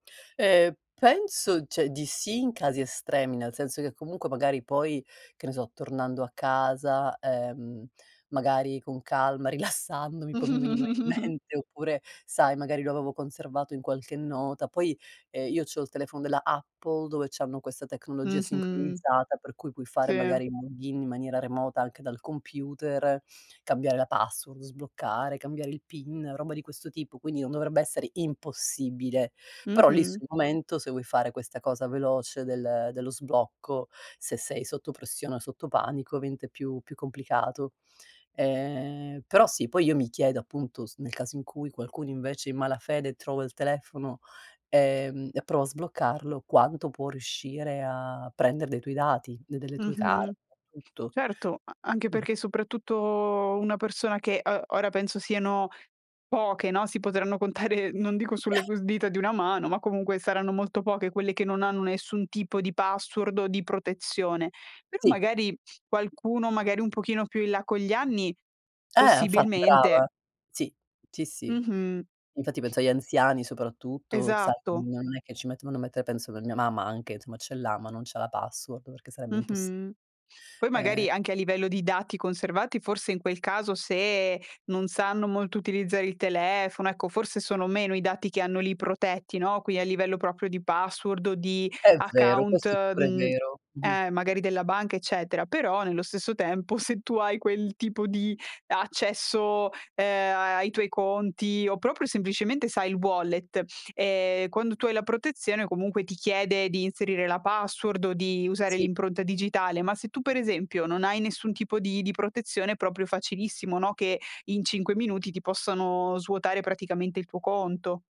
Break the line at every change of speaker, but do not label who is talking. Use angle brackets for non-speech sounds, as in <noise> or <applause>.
Ehm, penso, cioè di sì in casi estremi, nel senso che comunque magari poi, che ne so, tornando a casa, ehm, magari con calma, rilassandomi, poi mi venivano in
<chuckles>
mente, oppure sai, magari lo avevo conservato in qualche nota. Poi, ehm, io c'ho il telefono della Apple dove c'hanno questa tecnologia
Mh-mh.
sincronizzata, per cui puoi fare
Sì.
magari il log in in maniera remota anche dal computer, cambiare la password, sbloccare, cambiare il PIN, roba di questo tipo. Quindi non dovrebbe essere impossibile. Però lì
Mh-mh.
sul momento, se vuoi fare questa cosa veloce del dello sblocco, se sei sotto pressione o sotto panico, avente più più complicato. Ehm, però sì, poi io mi chiedo appunto, s nel caso in cui qualcuno invece in malafede trova il telefono, ehm, e prova a sbloccarlo, quanto può riuscire a prender dei tuoi dati, de delle tue card,
Mh-mh.
tutto.
Certo, a anche
Mh.
perché soprattutto una persona che, ehm, ora penso siano poche, no, si potranno contare non dico sulle
<chuckles>
cu dita di una mano, ma comunque saranno molto poche quelle che non hanno nessun tipo di password o di protezione. Però
Sì.
magari qualcuno magari un pochino più in là con gli anni,
Eh, infatti
possibilmente
brava. Sì, sì, sì.
Mh-mh.
Infatti penso agli anziani soprattutto, sai,
Esatto.
non è che ci metto vanno a mettere penso per mia mamma anche, somma ce l'ha, ma non c'ha la password perché sarebbe impossi
Mh-mh. Poi
ehm
magari anche a livello di dati conservati forse in quel caso se non sanno molto utilizzare il telefono, ecco forse sono meno i dati che hanno lì protetti, no, qui a livello proprio di password o di
È vero,
account,
questo è pure
uhm
vero. Mh-mh.
eh, magari della banca eccetera; però nello stesso tempo se tu hai quel tipo di accesso, ehm, ai ai tuoi conti o proprio semplicemente sai il wallet, ehm, quando tu hai la protezione comunque ti chiede di inserire la password o di usare
Sì.
l'impronta digitale. Ma se tu per esempio non hai nessun tipo di di protezione è proprio facilissimo, no, che in 5 minuti ti possano svuotare praticamente il tuo conto.